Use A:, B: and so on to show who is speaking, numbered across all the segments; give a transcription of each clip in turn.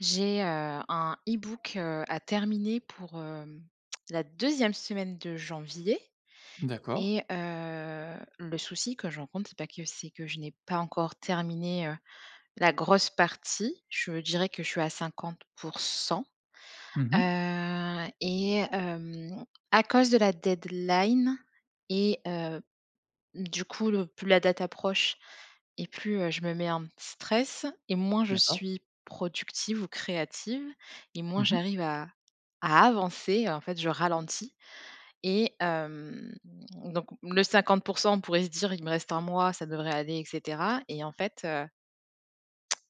A: J'ai heu, un ebook heu, à terminer pour hem, la deuxième semaine de janvier
B: D'accord.
A: et heu le souci que je rencontre, c'est bah que c'est que je n'ai pas encore terminé heu la grosse partie. Je dirais que je suis à 50 %.
B: Mmh mh.
A: Heu, et hem, à cause de la deadline et heu, du coup, le plus la date approche et plus heu je me mets un petit stress et moins je
B: D'accord.
A: suis productive ou créative et moins
B: Mmh mh.
A: j'arrive à à avancer. En fait, je ralentis et hem, donc le 50 %, on pourrait se dire: «Il me reste 1 mois, ça devrait aller» et cetera. Et en fait heu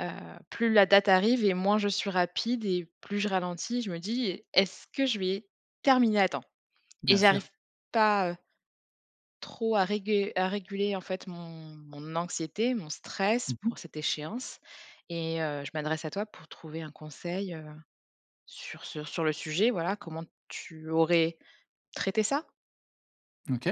A: heu, plus la date arrive et moins je suis rapide et plus je ralentis, je me dis: «Est-ce que je vais terminer à temps?» et
B: Bien sûr.
A: j'arrive pas heu trop à régu à réguler en fait mon mon anxiété, mon stress
B: Mmh mh.
A: pour cette échéance et heu, je m'adresse à toi pour trouver un conseil heu, sur sur sur le sujet, voilà. Comment tu aurais traité ça?
B: OK.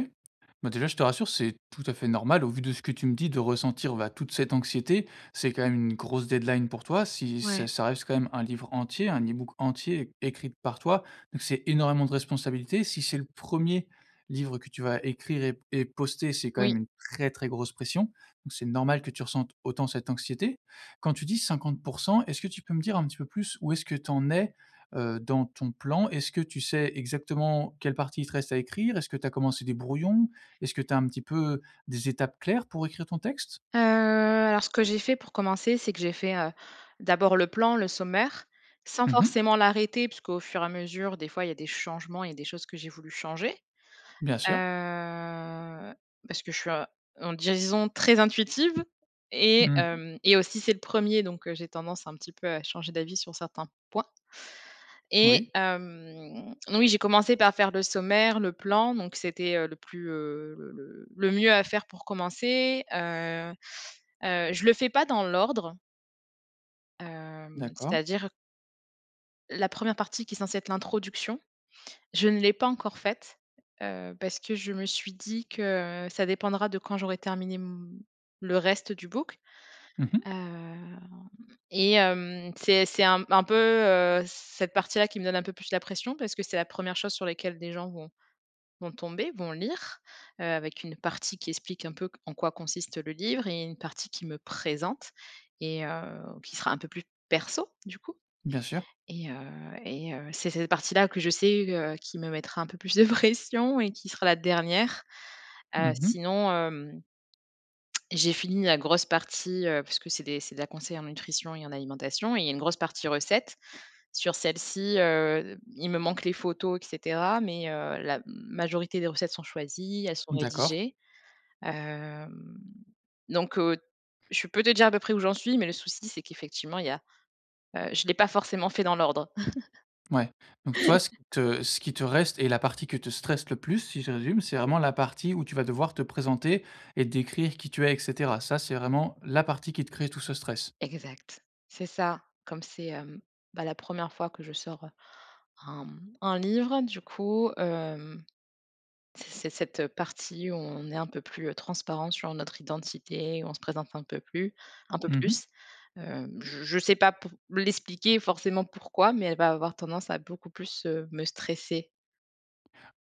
B: Bah déjà je te rassure, c'est tout à fait normal, au vu de ce que tu me dis, de ressentir, bah, toute cette anxiété. C'est quand même une grosse deadline pour toi. Si ça
A: Ouais.
B: ça reste quand même un livre entier, un ebook entier é écrit par toi. Donc c'est énormément de responsabilités. Si c'est le 1er livre que tu vas écrire et p et poster, c'est quand même
A: Oui.
B: une très, très grosse pression. Donc, c'est normal que tu ressentes autant cette anxiété. Quand tu dis 50 %, est-ce que tu peux me dire un petit peu plus où est-ce que tu en es, heu, dans ton plan? Est-ce que tu sais exactement quelle partie il te reste à écrire? Est-ce que tu as commencé des brouillons? Est-ce que tu as un petit peu des étapes claires pour écrire ton texte?
A: Heu, alors ce que j'ai fait pour commencer, c'est que j'ai fait, heu, d'abord le plan, le sommaire, sans
B: Mmh mh.
A: forcément l'arrêter puisqu'au fur et à mesure, des fois, il y a des changements, il y a des choses que j'ai voulu changer.
B: Bien sûr.
A: Heu, parce que je suis a mmh disons très intuitive, et,
B: Mmh.
A: hem et aussi c'est le 1er, donc j'ai tendance un petit peu à changer d'avis sur certains points. Et,
B: Oui.
A: hem, oui, j'ai commencé par faire le sommaire, le plan, donc c'était, heu, le plus, heu, le le le mieux à faire pour commencer. Heu heu, je le fais pas dans l'ordre hem,
B: D'accord.
A: c'est-à-dire la 1re partie qui est censée être l'introduction, je ne l'ai pas encore faite, heu, parce que je me suis dit que, heu, ça dépendra de quand j'aurai terminé m le reste du book.
B: Mmh mh.
A: Hem, et, hem, c'est c'est un un peu, heu, cette partie là qui me donne un peu plus la pression, parce que c'est la 1re chose sur laquelle des gens vont vont tomber, vont lire, heu, avec une partie qui explique un peu q en quoi consiste le livre et une partie qui me présente et, heu, qui sera un peu plus perso, du coup.
B: Bien sûr.
A: Et, heu et, heu, c'est cette partie là que je sais que qui me mettra un peu plus de pression et qui sera la dernière.
B: Mmh
A: Heu,
B: mh.
A: sinon, hem, j'ai fini la grosse partie, heu, parce que c'est des c'est de la conseil en nutrition et en alimentation et il y a une grosse partie recettes. Sur celle-ci, heu, il me manque les photos, et cetera, mais, heu, la majorité des recettes sont choisies, elles sont
B: Mmh d'accord.
A: rédigées. Hem, donc, heu je peux te dire de près où j'en suis, mais le souci, c'est qu'effectivement il y a heu, je l'ai pas forcément fait dans l'ordre.
B: Mouais, donc toi, ce qui te ce qui te reste, et la partie que te stresse le plus, si je résume, c'est vraiment la partie où tu vas devoir te présenter et décrire qui tu es, et cetera? Ça, c'est vraiment la partie qui te crée tout ce stress?
A: Exact. C'est ça. Comme c'est, hem, bah, la 1re fois que je sors, heu, un m un livre, du coup, hem, c'est ce cette partie où on est un peu plus, heu, transparents sur notre identité, où on se présente un peu plu un peu
B: Mmh mh.
A: plus. Hem, j je sais pas pour l'expliquer, forcément pourquoi, mais elle va avoir tendance à beaucoup plus, heu, me stresser.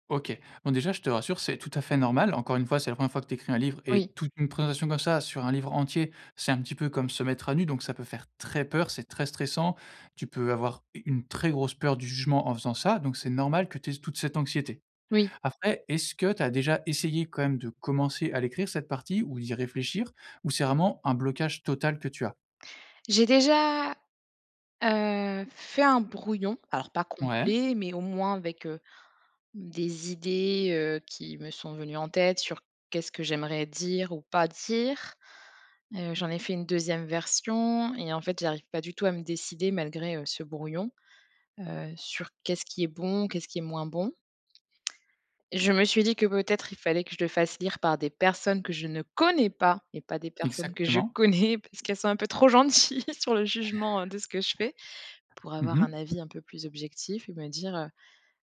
B: OK. Bon déjà, je te rassure, c'est tout à fait normal. Encore une fois, c'est la 1re fois que tu écris un livre. Et
A: Oui.
B: toute une présentation comme ça, sur un livre entier, c'est un petit peu comme se mettre à nu, donc ça peut faire très peur. C'est très stressant. Tu peux avoir u une très grosse peur du jugement en faisant ça, donc c'est normal que tu aies toute cette anxiété.
A: Oui.
B: Après, est-ce que tu as déjà essayé quand même de commencer à l'écrire, cette partie, ou d'y réfléchir? Ou c'est vraiment un blocage total que tu as?
A: J'ai déjà, heu, fait un brouillon, alors pas
B: Ouais.
A: complet, mais au moins avec, heu, des idées heu, qui me sont venues en tête sur: «Qu'est-ce que j'aimerais dire ou pas dire.». Heu, j'en ai fait une 2e version et en fait, j'arrive pas du tout à me décider malgré, heu, ce brouillon, heu, sur qu'est-ce qui est bon, qu'est-ce qui est moins bon? Et je me suis dit que peut-être, il fallait que je le fasse lire par des personnes que je ne connais pas et pas des personnes que je
B: Exactement.
A: connais, parce qu'elles sont un peu trop gentilles sur le jugement, heu, de ce que je fais. Pour
B: Mmh
A: avoir un
B: mh.
A: avis un peu plus objectif et me dire heu,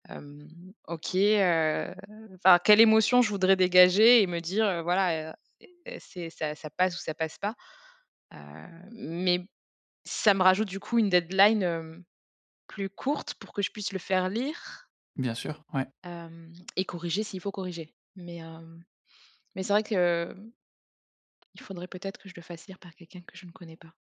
A: hem: «OK heu, enfin, quelle émotion je voudrais dégager?», et me dire, heu, voilà: «E est c'est ça, ça passe ou ça passe pas.». Heu, mais ça me rajoute, du coup, une deadline, hem, plus courte pour que je puisse le faire lire
B: Bien sûr, ouais.
A: hem et corriger, s'il faut corriger. Mais hem, mais c'est vrai que il faudrait peut-être que je le fasse lire par quelqu'un que je ne connais pas.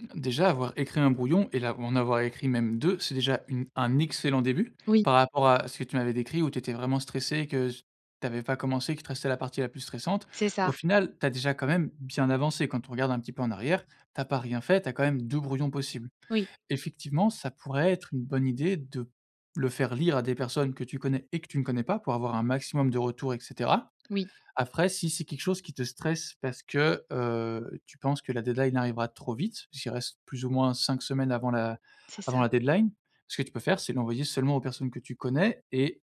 B: Hem, déjà, avoir écrit 1 brouillon et là, en avoir écrit même 2, c'est déjà une un excellent début,
A: Oui.
B: par rapport à ce que tu m'avais décrit, où tu étais vraiment stressée, et que s tu avais pas commencé, qu'il te restait la partie la plus stressante.
A: C'est
B: Au
A: ça.
B: final, tu as, déjà, quand même bien avancé. Quand on regarde un petit peu en arrière, tu as pas rien fait, tu as quand même 2 brouillons possibles.
A: Oui.
B: Effectivement, ça pourrait être une bonne idée de p le faire lire à des personnes que tu connais et que tu ne connais pas pour avoir un maximum de retours, et cetera.
A: Oui.
B: Après, si c'est quelque chose qui te stresse parce que, heu, tu penses que la deadline arrivera trop vite, puisqu'il reste plus ou moins 5 semaines avant la
A: C'est ça.
B: avant la deadline. Ce que tu peux faire, c'est l'envoyer seulement aux personnes que tu connais et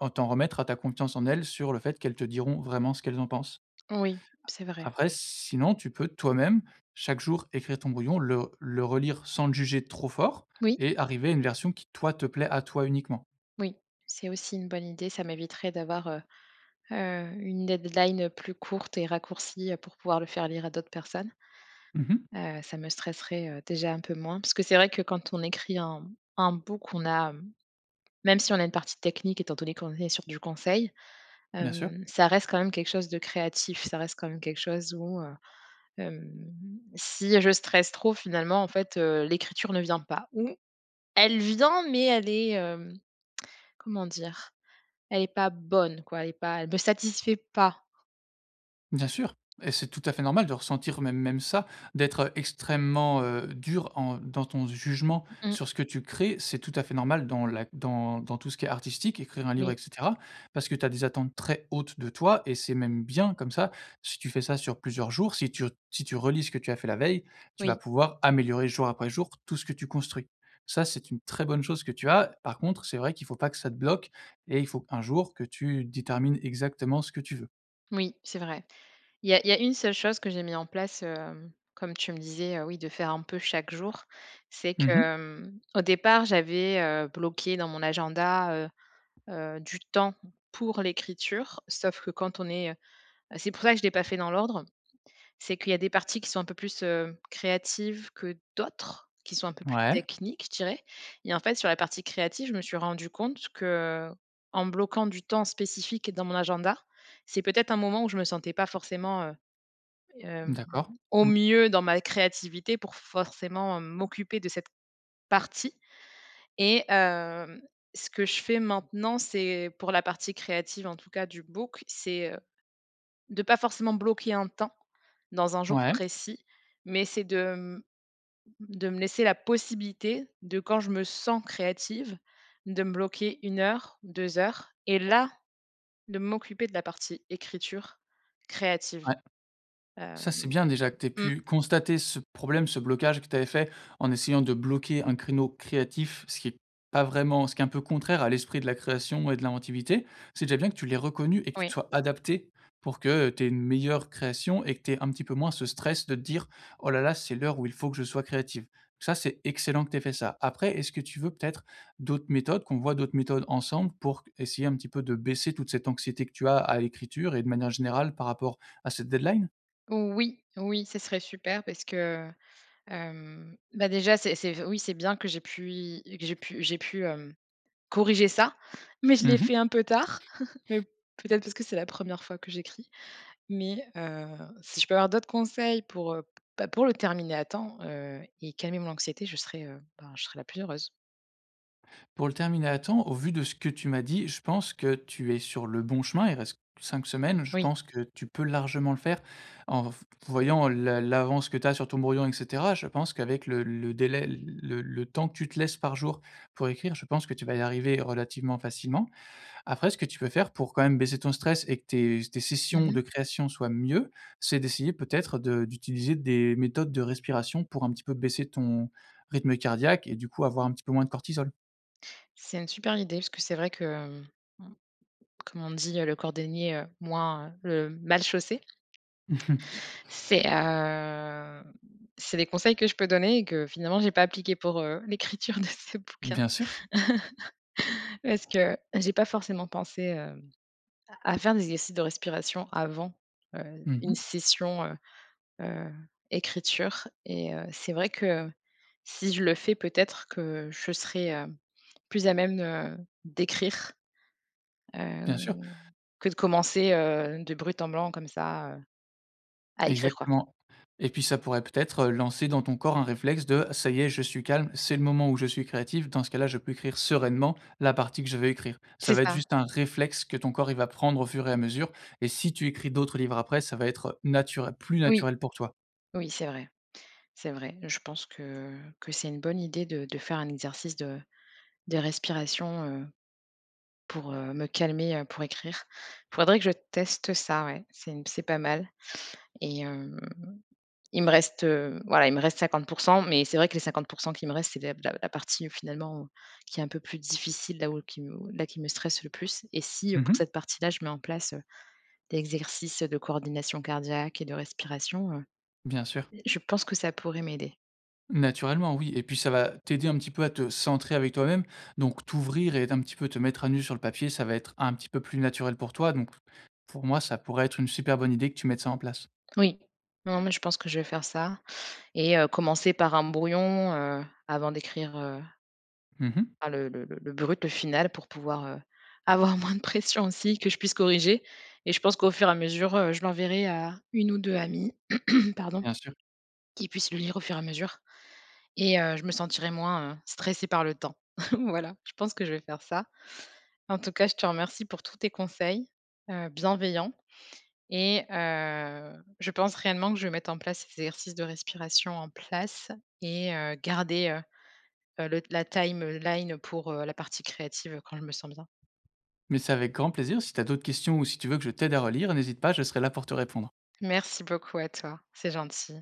B: en t'en remettre à ta confiance en elles, sur le fait qu'elles te diront vraiment ce qu'elles en pensent.
A: Oui, c'est
B: A
A: vrai.
B: après, sinon, tu peux, toi-même, chaque jour, écrire ton brouillon, le r le relire sans le juger trop fort
A: Moui.
B: et arriver à une version qui, toi, te plaît à toi uniquement.
A: Moui, c'est aussi une bonne idée. Ça m'éviterait d'avoir, heu heu, une deadline plus courte et raccourcie, heu, pour pouvoir le faire lire à d'autres personnes.
B: Mmh mh.
A: Heu, ça me stresserait, heu, déjà un peu moins. Parce que c'est vrai que quand on écrit un un book, on a, hem même si on a une partie technique, étant donné qu'on est sur du conseil,
B: Bien sûr.
A: hem, ça reste quand même quelque chose de créatif. Ça reste quand même quelque chose où, heu, hem, si je stresse trop, finalement, en fait, heu l'écriture ne vient pas. Ou elle vient, mais elle est, hem, comment dire, elle est pas bonne quoi, elle est pas elle me satisfait pas.
B: Bien sûr, et c'est tout à fait normal de ressentir même même ça, d'être extrêmement, heu, dure en dans ton jugement
A: Mmh mh.
B: sur ce que tu crées. C'est tout à fait normal dans la dans dans tout ce qui est artistique- écrire un livre, et
A: Oui.
B: cetera- parce que, tu as des attentes très hautes de toi et c'est même bien. Comme ça, si tu fais ça sur plusieurs jours, si tu si tu relis ce que tu as fait la veille, tu vas
A: Oui.
B: pouvoir améliorer, jour après jour, tout ce que tu construis. Ça, c'est une très bonne chose que tu as. Par contre, c'est vrai qu'il faut pas que ça te bloque et il faut, un jour, que tu détermines exactement ce que tu veux.
A: Moui, c'est vrai. Il y a il y a une seule chose que j'ai mis en place heu, comme tu me disais, heu, oui, de faire un peu chaque jour. C'est
B: Mmh mh.
A: que, mmh, au départ, j'avais heu bloqué dans mon agenda heu, heu, du temps pour l'écriture. Sauf que quand on est heu c'est pour ça que je l'ai pas fait dans l'ordre. C'est qu'il y a des parties qui sont un peu plus heu, créatives que d'autres, qui sont un peu plus
B: Mouais.
A: techniques, je dirais. Et en fait, sur la partie créative, je me suis rendu compte que, en bloquant du temps spécifique dans mon agenda, c'est peut-être un moment où je me sentais pas forcément heu,
B: Mmh
A: hem,
B: d'accord.
A: au
B: Mmh.
A: mieux dans ma créativité pour forcément m'occuper de cette partie. Et hem, ce que je fais maintenant, c'est pour la partie créative en tout cas du book, c'est heu, de pas forcément bloquer un temps dans un jour
B: Mouais.
A: précis, mais c'est de mmh, de me laisser la possibilité de quand je me sens créative, de me bloquer 1 heure, 2 heures et là de m'occuper de la partie écriture créative.
B: Ouais. Ça,
A: Hem
B: c'est bien déjà que tu aies
A: Mmh.
B: pu constater ce problème, ce blocage que tu avais fait, en essayant de bloquer un créneau créatif, ce qui est pas vraiment ce qui est un peu contraire à l'esprit de la création et de l'inventivité. C'est déjà bien que tu l'aies reconnu et que tu te
A: Oui.
B: sois adaptée, pour que tu aies une meilleure création et que tu aies un petit peu moins ce stress de te dire: «Oh là là, c'est l'heure où il faut que je sois créative.». Ça, c'est excellent que tu aies fait ça. Après, est-ce que tu veux peut-être d'autres méthodes, qu'on voit d'autres méthodes ensemble pour essayer un petit peu de baisser toute cette anxiété que tu as à l'écriture et de manière générale, par rapport à cette deadline?
A: Oui, oui, ce serait super parce que hem, bah déjà, c'est c'est f oui, c'est bien que j'aie pu y que j'aie pu j'aie pu hem, corriger ça. Mais je
B: Mmh
A: l'ai
B: mh.
A: fait un peu tard, mais peut être parce que c'est la 1re fois que j'écris. Mais heu, si je peux avoir d'autres conseils pour heu, bah pour le terminer à temps, heu, et calmer mon anxiété, je serais heu, ben je serai la plus heureuse.
B: Pour le terminer à temps, au vu de ce que tu m'as dit, je pense que tu es sur le bon chemin. Il reste 5 semaines. Je
A: Oui.
B: pense que tu peux largement le faire en v voyant l'a l'avance que tu as sur ton brouillon, et cetera. Je pense qu'avec le le délai le le temps que tu te laisses par jour pour écrire, je pense que tu vas y arriver relativement facilement. Après, ce que tu peux faire pour quand même baisser ton stress et que tes s tes
A: Mmh
B: sessions
A: mh.
B: de création soient mieux, c'est d'essayer peut-être de d'utiliser des méthodes de respiration pour un petit peu baisser ton rythme cardiaque et du coup avoir un petit peu moins de cortisol.
A: C'est une super idée, parce que c'est vrai que, hem, comme on dit, heu, le cordonnier moins le mal chaussé.
B: Mmh mh.
A: C'est heu, c'est des conseils que je peux donner et que finalement, j'ai pas appliqués pour, heu, l'écriture de ce bouquin.
B: Bien sûr.
A: Parce que j'ai pas forcément pensé, hem, à à faire des exercices de respiration avant, heu,
B: Mmh
A: une
B: mh.
A: session, heu heu, écriture. Et, heu, c'est vrai que, si je le fais peut-être que je serai, hem, plus à même d'écrire, heu,
B: Bien sûr.
A: que de commencer, heu, de brut en blanc comme ça, heu, à écrire quoi.
B: Exactement. Et puis, ça pourrait peut-être lancer dans ton corps un réflexe de: «Ça y est, je suis calme, c'est le moment où je suis créative. Dans ce cas là, je peux écrire sereinement la partie que je veux écrire». Ça
A: C'est
B: va être
A: ça!
B: juste un réflexe que ton corps, il va prendre au fur et à mesure. Et si tu écris d'autres livres après, ça va être nature plus
A: Oui.
B: naturel pour toi.
A: Oui, c'est vrai, c'est vrai. Je pense que que c'est une bonne idée de de faire un exercice de de respiration, heu, pour, heu, me calmer, heu, pour écrire. Faudrait que je teste ça, ouais, c'est une c'est pas mal. Et heu, il me reste, heu, voilà, il me reste 50 %, mais c'est vrai que les 50 % qui me restent, c'est de b de la la partie finalement, qui est un peu plus difficile, là où qui m là, qui me stresse le plus. Et si, heu,
B: Mmh
A: pour
B: mh.
A: cette partie là, je mets en place des exercices de coordination cardiaque et de respiration, heu,
B: Bien sûr.
A: je pense que ça pourrait m'aider.
B: Naturellement, oui, et puis ça va t'aider un petit peu à te centrer avec toi même. Donc, t'ouvrir et être un petit peu te mettre à nu sur le papier, ça va être un petit peu plus naturel pour toi. Donc, pour moi, ça pourrait être une super bonne idée que tu mettes ça en place.
A: Oui, non, mais je pense que je vais faire ça et, heu, commencer par un brouillon, heu, avant d'écrire, heu
B: Mmh mh.
A: a le le le le brut, le final pour pouvoir, heu, avoir moins de pression, aussi. Que je puisse corriger. Et je pense qu'au fur et à mesure, heu, je l'enverrai à 1 ou 2 amies, pardon,
B: Bien sûr.
A: qui puissent le lire au fur et à mesure, et heu, je me sentirais moins stressée par le temps. Voilà, je pense que je vais faire ça. En tout cas, je te remercie pour tous tes conseils, heu, bienveillants et heu, je pense réellement que je vais mettre en place ces exercices de respiration en place et, heu, garder, heu heu le la timeline pour, heu, la partie créative quand je me sens bien.
B: Mais, c'est avec grand plaisir, si tu as d'autres questions ou, si tu veux que je t'aide à relire, n'hésite pas, je serai là pour te répondre.
A: Merci beaucoup à toi, c'est gentil.